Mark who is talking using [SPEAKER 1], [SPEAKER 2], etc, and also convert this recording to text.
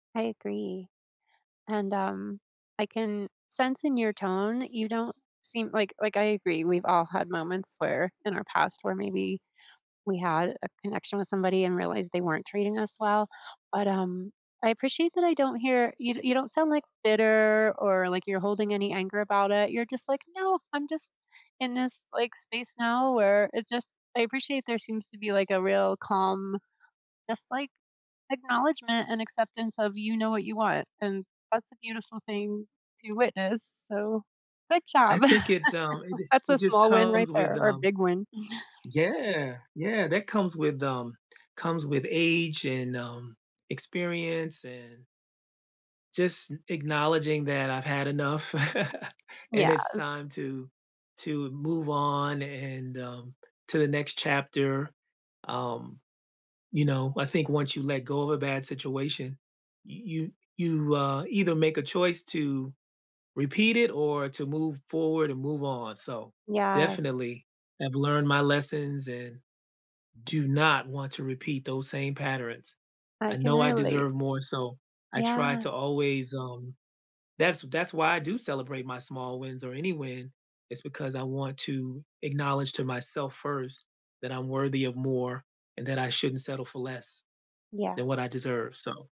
[SPEAKER 1] I agree, and, um, I can sense in your tone you don't seem like like, I agree we've all had moments where in our past where maybe we had a connection with somebody and realized they weren't treating us well, but, um, I appreciate that I don't hear you d you don't sound, like, bitter or, like, you're holding any anger about it. You're just, like, "No, I'm just in this, like, space now where it's just" I appreciate there seems to be, like, a real calm, just, like, acknowledgment and acceptance of you know what you want, and that's a beautiful thing to witness, so good
[SPEAKER 2] I
[SPEAKER 1] job.
[SPEAKER 2] think it's, um, it d
[SPEAKER 1] That's
[SPEAKER 2] it
[SPEAKER 1] a
[SPEAKER 2] just
[SPEAKER 1] small win right
[SPEAKER 2] comes with,
[SPEAKER 1] there or a
[SPEAKER 2] um
[SPEAKER 1] big win.
[SPEAKER 2] Yeah, yeah, that comes with, um comes with age and, um, experience and just n acknowledging that I've had enough, and it's
[SPEAKER 1] Yes.
[SPEAKER 2] time to to move on and, um, to the next chapter. Um, you know, I think once you let go of a bad situation, y you you, uh, either make a choice to repeat it or to move forward and move on, so
[SPEAKER 1] Yes.
[SPEAKER 2] definitely have learned my lessons and do not want to repeat those same patterns.
[SPEAKER 1] I
[SPEAKER 2] I
[SPEAKER 1] can
[SPEAKER 2] know I
[SPEAKER 1] relate.
[SPEAKER 2] deserve more, so I try
[SPEAKER 1] Yeah.
[SPEAKER 2] to always, um that's that's why I do celebrate my small wins or any win is because I want to acknowledge to myself first, that I'm worthy of more and that I shouldn't settle for less than what I
[SPEAKER 1] Yes.
[SPEAKER 2] deserve, so